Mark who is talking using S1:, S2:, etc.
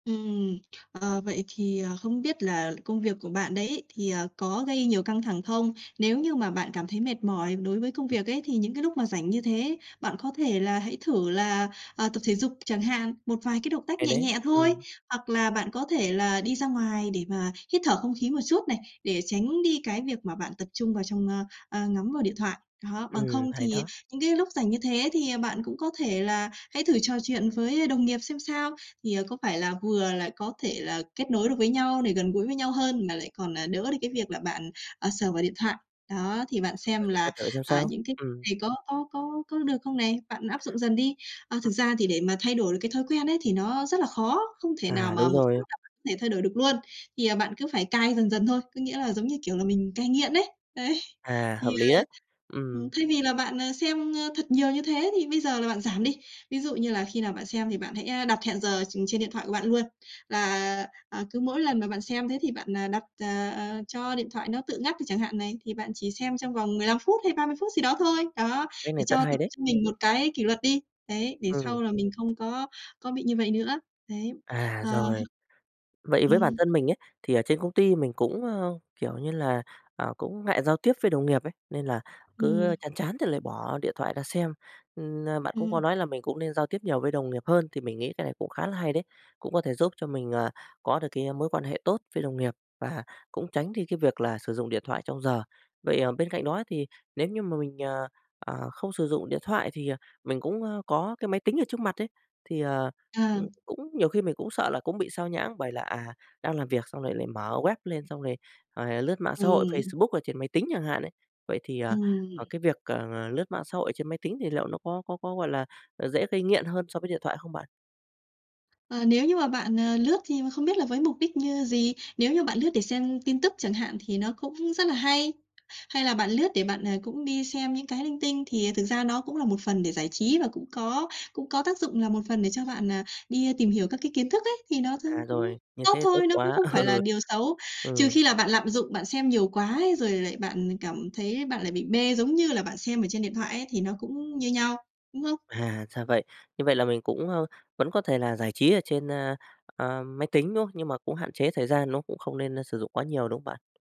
S1: Ừm, ờ, vậy thì ờ không biết là công việc của bạn đấy ấy thì, ờ, có gây nhiều căng thẳng không? Nếu như mà bạn cảm thấy mệt mỏi đối với công
S2: Ừm.
S1: việc ấy, thì những cái lúc mà rảnh như thế. Bạn có thể là hãy thử là, ờ, tập thể dục chẳng hạn, một vài cái động tác
S2: Hay
S1: nhẹ
S2: đấy,
S1: nhẹ thôi,
S2: ừm.
S1: hoặc là bạn có thể là đi ra ngoài để mà hít thở không khí một chút này, để tránh đi cái việc mà bạn tập trung vào trong, ơ, ơ, ngắm vào điện thoại. Đó, bằng
S2: Ừm,
S1: không
S2: hay
S1: thì
S2: đó.
S1: những cái lúc rảnh như thế thì, à, bạn cũng có thể là hãy thử trò chuyện với đồng nghiệp xem sao. Thì, ờ, có phải là vừa là có thể là kết nối được với nhau để gần gũi với nhau hơn, mà lại còn, à, đỡ được cái việc là bạn, ờ, sờ vào điện thoại. Đó, thì bạn xem
S2: Rồi, mình sẽ
S1: là,
S2: thử xem
S1: à,
S2: sao,
S1: những cái
S2: ừm.
S1: này có có có có được không này? Bạn áp dụng dần đi. Ờ, thực
S2: Ừm.
S1: ra thì để mà thay đổi được cái thói quen ấy thì nó rất là khó, không thể nào
S2: À,
S1: mà
S2: đúng
S1: một phát
S2: rồi.
S1: là có thể thay đổi được luôn. Thì, à, bạn cứ phải cai dần dần thôi, có nghĩa là giống như kiểu là mình cai nghiện ấy, ấy.
S2: À,
S1: Thì,
S2: hợp
S1: ờ,
S2: lý đấy,
S1: ừm,
S2: ừm.
S1: thay vì là bạn, à, xem, ơ, thật nhiều như thế thì bây giờ là bạn giảm đi. Ví dụ như là khi nào bạn xem thì bạn hãy a đặt hẹn giờ tr trên điện thoại của bạn luôn. Là, à, cứ mỗi lần mà bạn xem thế thì bạn, ờ, đặt ờ, ờ cho điện thoại nó tự ngắt đi chẳng hạn này, thì bạn chỉ xem trong vòng 15 phút hay 30 phút gì đó thôi. Đó,
S2: Cách
S1: để
S2: này rất
S1: cho
S2: hay
S1: tập
S2: đấy.
S1: cho mình một cái kỷ luật đi, đấy, để
S2: Ừm.
S1: sau là mình không có có bị như vậy nữa. Đấy,
S2: À,
S1: ờ.
S2: rồi. Vậy với bản
S1: Ừm.
S2: thân mình ấy, thì ở trên công ty mình cũng, ơ, kiểu như là, ờ, cũng ngại giao tiếp với đồng nghiệp ấy, nên là cứ
S1: Ừm.
S2: chán chán thì lại bỏ điện thoại ra xem, ừm, ơ, bạn cũng có
S1: Ừm.
S2: nói là mình cũng nên giao tiếp nhiều với đồng nghiệp hơn thì mình nghĩ cái này cũng khá là hay đấy, cũng có thể giúp cho mình, à, có được cái mối quan hệ tốt với đồng nghiệp và cũng tránh đi cái việc là sử dụng điện thoại trong giờ. Vậy, ờ, bên cạnh đó thì nếu như mà mình, ờ, ờ, không sử dụng điện thoại thì, à, mình cũng, ơ, có cái máy tính ở trước mặt ấy, thì, ờ,
S1: Ờ.
S2: ừm, cũng nhiều khi mình cũng sợ là cũng bị xao nhãng bởi là, à, đang làm việc xong rồi lại mở web lên xong rồi rồi lướt mạng xã hội
S1: Ừm.
S2: Facebook ở trên máy tính chẳng hạn ấy. Vậy thì, à, à,
S1: Ừm.
S2: cái việc, ờ, lướt mạng xã hội trên máy tính thì liệu nó có có có, gọi là, à, dễ gây nghiện hơn so với điện thoại không bạn?
S1: Ờ, nếu như mà bạn, ờ, lướt thì không biết là với mục đích như gì, nếu như bạn lướt để xem tin tức chẳng hạn thì nó cũng rất là hay. Hay là bạn lướt để bạn, à, cũng đi xem những cái linh tinh thì thực ra nó cũng là một phần để giải trí và cũng có cũng có tác dụng là một phần để cho bạn, ờ, đi tìm hiểu các cái kiến thức ấy, thì nó trông
S2: À,
S1: cũng
S2: rồi, như
S1: tốt
S2: thế thì tốt
S1: thôi, nó cũng
S2: quá
S1: không phải là
S2: ừ.
S1: điều xấu. Trừ
S2: Ừm.
S1: khi là bạn lạm dụng, bạn xem nhiều quá ấy, rồi lại bạn cảm thấy bạn lại bị mê giống như là bạn xem ở trên điện thoại ấy thì nó cũng như nhau, đúng không?
S2: À, ra vậy, như vậy là mình cũng, a, vẫn có thể là giải trí ở trên, a, a, máy tính, đúng không? Nhưng mà cũng hạn chế thời gian nó cũng không nên, a, sử dụng quá nhiều, đúng không bạn?